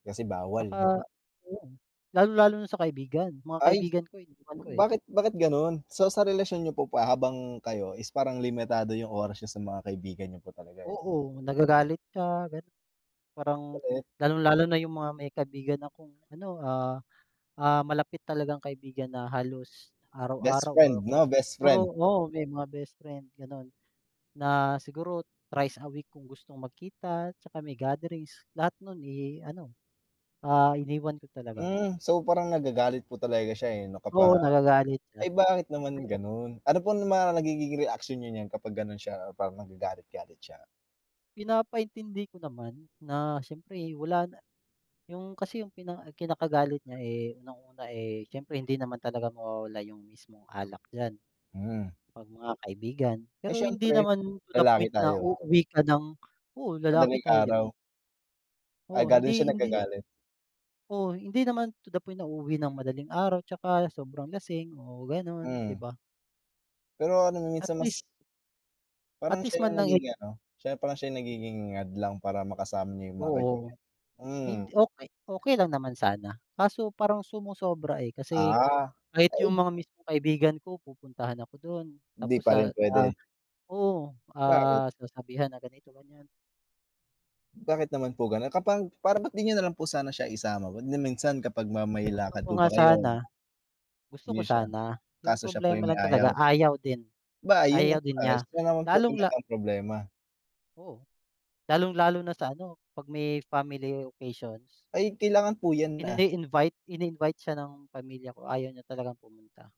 Kasi bawal? Tsaka ayun, lalong-lalo na sa kaibigan, mga Ay, kaibigan ko iniwan ko, eh. bakit bakit gano'n? So sa relasyon niyo po pa habang kayo is parang limitado yung oras niya sa mga kaibigan niyo po talaga, eh. Oo, nagagalit siya gano'n parang Galit. lalong-lalo na yung mga may kaibigan akong ano, ah, ah, malapit talagang kaibigan na halos Best araw-araw or friend kaya 'no, best siguro, friend? oo, may mga best friend gano'n. Na siguro trice a week kung gustong magkita 'tsaka may gatherings lahat no'n, eh, ano, ah, iniwan ko talaga. Hmm, so parang nagagalit po talaga siya, eh, 'no kapag Oo, nagagalit siya. Ay, bakit naman Kaya gano'n? Ano po mga nagiging reaksyon niyo niyan kapag gano'n siya parang nagagalit galit siya? Pinapaintindi ko naman na siyempre wala na yung kasi yung kina kinakagalit niya, eh, unang-una, eh, siyempre hindi naman talaga mawawala yung mismong alak diyan. Hmm. 'Pag mga kaibigan, Ay pero hindi siyempre, naman to the lalaki point na tayo. uuwi ka ng oo, lalaki Madaling tayo, 'di ba? araw? Ah, Oo, gano'n siya hindi hindi nagagalit. Oo, hindi naman to the point na uuwi nang madaling araw 'tsaka sobrang lasing o gano'n, 'di Mm. ba? Pero ano At minsan least mas At Parang least siya yung man lang, eh nagiging ano, siya parang siya yung nagiging hadlang para makasama niyo yung mga kaibigan Oo, niyo? Hmm. hindi, okey okey lang naman sana kaso parang sumosobra, eh, kasi Ah, kahit yung ay! mga mismong kaibigan ko pupuntahan ako do'n Hindi tapos pa sa, rin ah, puwede? oo, Bakit? ah, sasabihan na ganito, ganyan. Bakit naman po gano'n? Kapag para ba't di niyo nalang po sana siya isama wag na minsan kapag ma may Gusto lakad ko po nga ba kayo? sana. Gusto Hindi ko niyo siya sana, yung kaso siya pa problema yung lang may ayaw? talaga ayaw din, Ba ayun no, ayaw din ayos, niya siya naman po lalong-la talaga ang problema. Oh, lalong-lalo na sa ano, 'pag may family occasions. Ay, kailangan po yan, ah? Ini-invite, in-invite siya ng pamilya ko, ayaw niya talagang pumunta.